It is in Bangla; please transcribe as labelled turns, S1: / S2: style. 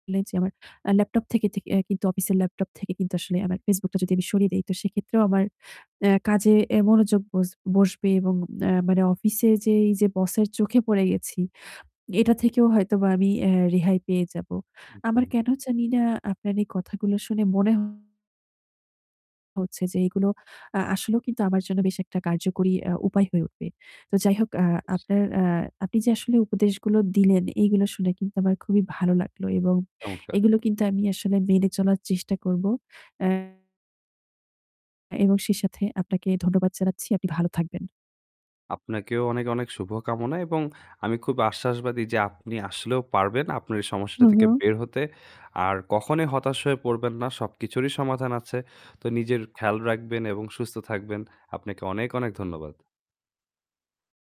S1: নেই যে আমার আ laptop থেকে থেকে অ্যা কিন্তু অফিসের laptop থেকে কিন্তু আসলে আমার Facebook টা যদি আমি সরিয়ে দেই তো সেক্ষেত্রেও আমার অ্যা কাজে অ্যা মনোযোগ বস বসবে এবং অ্যা মানে অফিসে যে এই যে বসের চোখে পড়ে গেছি, এটা থেকেও হয়তোবা আমি অ্যা রেহাই পেয়ে যাব। আমার
S2: একদম।
S1: কেন জানিনা আপনার এই কথাগুলো শুনে মনে হচ্ছে যে এগুলো আ আসলেও কিন্তু আমার জন্য বেশ একটা কার্যকরী অ্যা উপায় হয়ে উঠবে। তো যাই হোক, অ্যা
S2: জি।
S1: আপনার অ্যা আপনি যে আসলে উপদেশগুলো দিলেন এইগুলো শুনে কিন্তু আমার খুবই ভালো লাগলো এবং
S2: চমৎকার!
S1: এগুলো কিন্তু আমি আসলে মেনে চলার চেষ্টা করব, অ্যা এবং সেই সাথে আপনাকে ধন্যবাদ জানাচ্ছি। আপনি ভালো থাকবেন।
S2: আপনাকেও অনেক, অনেক শুভকামনা এবং আমি খুব আশ্বাসবাদী যে আপনি আসলেও পারবেন আপনার এই সমস্যাটা
S1: হু,
S2: থেকে
S1: হু।
S2: বের হতে। আর কখনোই হতাশ হয়ে পড়বেন না। সব কিছুরই সমাধান আছে। তো নিজের খেয়াল রাখবেন এবং সুস্থ থাকবেন। আপনাকে অনেক, অনেক ধন্যবাদ।